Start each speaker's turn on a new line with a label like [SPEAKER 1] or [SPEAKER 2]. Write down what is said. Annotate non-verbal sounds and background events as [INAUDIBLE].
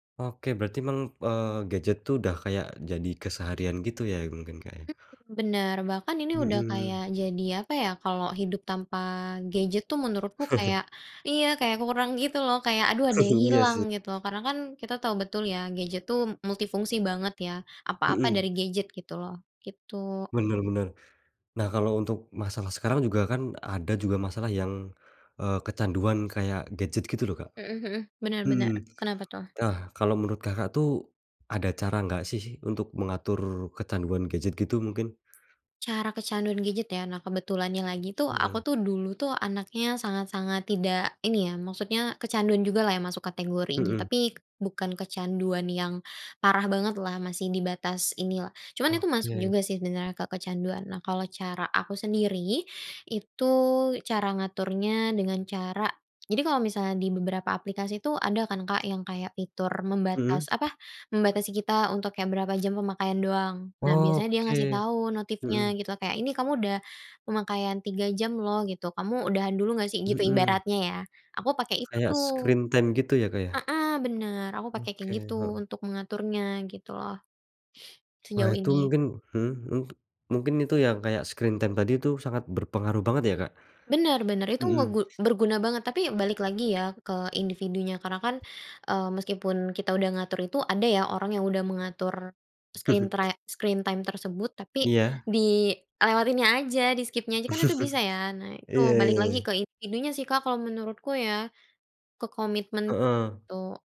[SPEAKER 1] Oke berarti meng eee, gadget itu udah kayak jadi keseharian gitu ya mungkin Kak ya?
[SPEAKER 2] Mhm, bener bahkan ini udah kayak
[SPEAKER 1] Mhm.
[SPEAKER 2] jadi apa ya kalau hidup tanpa gadget tuh menurutku
[SPEAKER 1] [CHUCKLES]
[SPEAKER 2] kayak iya kayak kurang gitu loh kayak aduh ada yang
[SPEAKER 1] [CHUCKLES] Iya
[SPEAKER 2] hilang
[SPEAKER 1] sih.
[SPEAKER 2] gitu karena kan kita tahu betul ya gadget tuh multifungsi banget ya apa-apa
[SPEAKER 1] Mmm.
[SPEAKER 2] dari gadget gitu loh gitu.
[SPEAKER 1] Bener bener, nah kalau untuk masalah sekarang juga kan ada juga masalah yang, eee, kecanduan kayak gadget gitu loh Kak.
[SPEAKER 2] Mhm mhm, bener
[SPEAKER 1] Mhm,
[SPEAKER 2] bener kenapa tuh?
[SPEAKER 1] nah kalau menurut Kakak tuh, ada cara nggak sih untuk mengatur kecanduan gadget gitu mungkin?
[SPEAKER 2] Cara kecanduan gadget ya? Nah kebetulannya lagi tuh aku
[SPEAKER 1] Mhm.
[SPEAKER 2] tuh dulu tuh anaknya sangat sangat tidak ini ya maksudnya kecanduan jugalah yang masuk kategorinya
[SPEAKER 1] Mhm.
[SPEAKER 2] tapi bukan kecanduan yang, parah bangetlah masih di batas inilah, cuman itu masuk
[SPEAKER 1] Oke.
[SPEAKER 2] juga sih sebenarnya kecanduan nah kalau cara aku sendiri, itu cara ngaturnya dengan cara jadi kalau misalnya di beberapa aplikasi itu ada kan Kak yang kayak fitur membatas
[SPEAKER 1] Mhm.
[SPEAKER 2] apa, membatasi kita untuk kayak berapa jam pemakaian doang, nah biasanya dia ngasih
[SPEAKER 1] Oke,
[SPEAKER 2] tahu notifnya
[SPEAKER 1] mhm.
[SPEAKER 2] gitu kayak ini kamu udah, pemakaian 3 jam loh gitu, kamu udahan dulu nggak sih, gitu
[SPEAKER 1] Mhm.
[SPEAKER 2] ibaratnya ya aku pakai itu
[SPEAKER 1] Kayak
[SPEAKER 2] tuh.
[SPEAKER 1] screen time gitu ya Kak ya?
[SPEAKER 2] Heeh, bener aku pakai kayak
[SPEAKER 1] Oke,
[SPEAKER 2] gitu
[SPEAKER 1] heeh.
[SPEAKER 2] untuk mengaturnya gitu loh.
[SPEAKER 1] Wah
[SPEAKER 2] Sejauh
[SPEAKER 1] itu
[SPEAKER 2] ini.
[SPEAKER 1] mungkin mhm mhm, mungkin itu yang kayak screen time tadi itu sangat berpengaruh banget ya Kak?
[SPEAKER 2] Bener bener itu
[SPEAKER 1] Mhm.
[SPEAKER 2] ngegu berguna banget tapi balik lagi ya ke individunya karena kan, eee, meskipun kita udah ngatur itu ada ya orang yang udah mengatur, screen
[SPEAKER 1] [CHUCKLES]
[SPEAKER 2] try screen time tersebut tapi
[SPEAKER 1] Iya.
[SPEAKER 2] dilewatinnya aja di-skip-nya aja kan itu bisa ya nah
[SPEAKER 1] [CHUCKLES]
[SPEAKER 2] itu
[SPEAKER 1] Iya ya
[SPEAKER 2] balik lagi
[SPEAKER 1] ya.
[SPEAKER 2] ke individunya sih Kak kalau menurutku ya, ke komitmen
[SPEAKER 1] Heeh.
[SPEAKER 2] itu.